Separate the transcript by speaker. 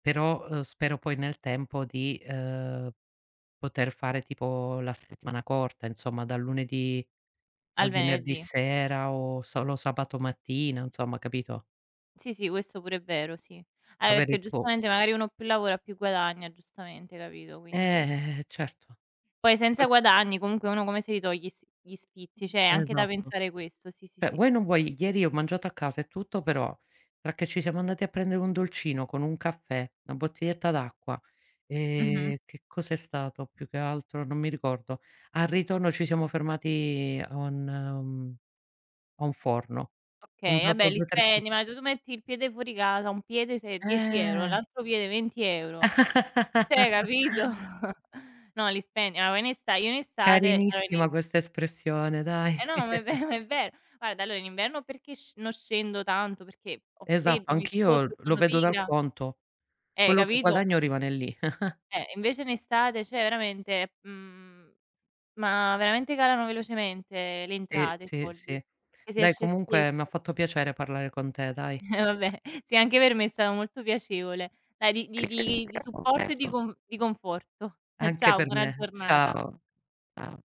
Speaker 1: Però, uhm, spero poi nel tempo di, uhm, poter fare, tipo, la settimana corta, insomma, dal lunedì
Speaker 2: Al
Speaker 1: al venerdì
Speaker 2: venerdì.
Speaker 1: sera o solo sabato mattina, insomma, capito?
Speaker 2: Sì, sì, questo pure è vero, sì. Ah, e perché,
Speaker 1: Avere tipo
Speaker 2: giustamente, magari, uno più lavora più guadagna, giustamente capito? Quindi
Speaker 1: Eh, eh, certo.
Speaker 2: Poi
Speaker 1: Poi,
Speaker 2: senza
Speaker 1: co
Speaker 2: guadagni comunque uno come se li toglie i s gli sfizi? C'è anche da
Speaker 1: Esatto.
Speaker 2: pensare questo sì, sì,
Speaker 1: Cioè,
Speaker 2: sì.
Speaker 1: vuoi o non vuoi, ieri ho mangiato a casa e tutto, però perché ci siamo andati a prendere un dolcino con un caffè, una bottiglietta d'acqua,
Speaker 2: Mh-mh.
Speaker 1: ehm, che cosa è stato più che altro? Non mi ricordo. Al ritorno ci siamo fermati a un mhmm, a un forno. Ho
Speaker 2: Okay, ah,
Speaker 1: comprato
Speaker 2: beh, li
Speaker 1: 2-3 co
Speaker 2: spendi, ma se tu metti il piede fuori casa, un piede, sei 10€,
Speaker 1: Eh!
Speaker 2: l'altro piede 20€, cioè hai capito? No, li spendi, allora, in esta io in estate. [unintelligible]
Speaker 1: Carinissima questa espressione,
Speaker 2: Eh,
Speaker 1: dai.
Speaker 2: no, ma ma è ve è ver Guarda, allora, in inverno perché sc non scendo tanto perché ho
Speaker 1: Esatto,
Speaker 2: freddo, mi
Speaker 1: anch'io
Speaker 2: scoccio,
Speaker 1: lo
Speaker 2: sono
Speaker 1: vedo dal
Speaker 2: pigra.
Speaker 1: conto.
Speaker 2: Eh,
Speaker 1: Quello che
Speaker 2: capito?
Speaker 1: guadagno rimane lì.
Speaker 2: Eh, invece, in estate cioè veramente, mhmm, s ma veramente calano velocemente le
Speaker 1: Sì,
Speaker 2: entrate, i
Speaker 1: sì,
Speaker 2: soldi,
Speaker 1: sì.
Speaker 2: e si
Speaker 1: Dai
Speaker 2: esce spesso.
Speaker 1: comunque m'ha fatto piacere parlare con te, dai.
Speaker 2: Eh, vabbè, sì anche per me è stato molto piacevole. Dai, di di
Speaker 1: Ci
Speaker 2: di di
Speaker 1: sentiamo
Speaker 2: supporto e di
Speaker 1: presto.
Speaker 2: con di conforto.
Speaker 1: Anche
Speaker 2: Ciao,
Speaker 1: per
Speaker 2: buona
Speaker 1: me.
Speaker 2: giornata.
Speaker 1: Ciao. Cia